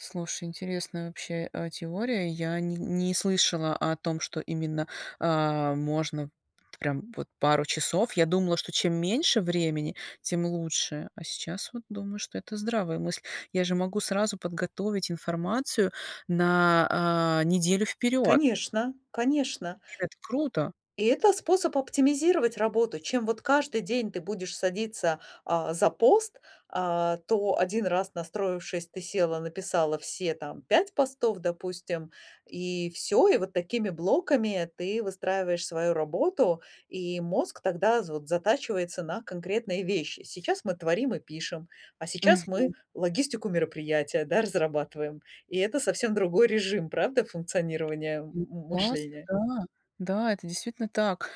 Слушай, интересная вообще, э, теория. Я не не слышала о том, что именно, а, можно т прям вот пару часов. Я думала, что чем меньше времени, тем лучше. А сейчас вот думаю, что это здравая мысль. Я же могу сразу подготовить информацию на, э, неделю вперёд. Конечно, конечно. И это круто! И это способ оптимизировать работу. Чем вот каждый день ты будешь садиться, а, за пост, а, то один раз, настроившись, ты села, написала все там 5 постов, допустим, и всё. И вот такими блоками ты выстраиваешь свою работу. И мозг тогда з вот затачивается на конкретные вещи. Сейчас мы творим и пишем, а сейчас мы Мгм. логистику мероприятия, да, разрабатываем. И это совсем другой режим, правда, функционирования м Ну м классно, мышления? да, да, это действительно так.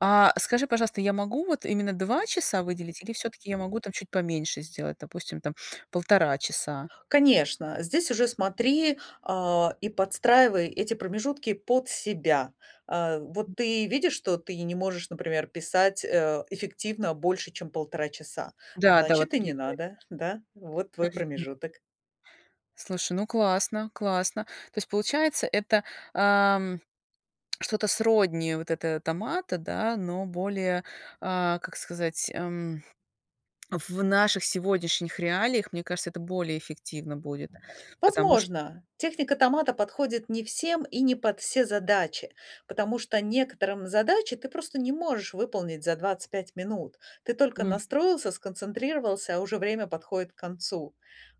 А скажи, пожалуйста, я могу вот именно 2 часа выделить или всё-таки я могу там чуть поменьше сделать, допустим, там 1,5 часа? Конечно, здесь уже смотри, а, и подстраивай эти промежутки под себя. А, вот ты видишь, что ты не можешь, например, писать, э, эффективно больше, чем 1,5 часа. Да, да, вот Значит, и не надо. [unintelligible] Да, вот твой Мгм. промежуток. Слушай, ну, классно, классно. То есть получается, это, а, м, что-то сродни вот этого томата, да, но более, а, как сказать, эм, в наших сегодняшних реалиях, мне кажется, это более эффективно будет. Потому ш Возможно, техника томата подходит не всем и не под все задачи, потому что некоторым задачи ты просто не можешь выполнить за 25 минут. Ты только Мгм. настроился, сконцентрировался, а уже время подходит к концу.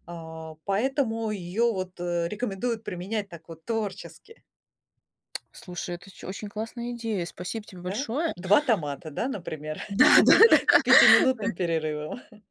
А, поэтому её вот, э, рекомендуют применять так вот творчески. Слушай, это ч очень классная идея. Спасибо тебе Да, большое. 2 томата, да, например, Да-да-да. с Да. пятиминутным перерывом.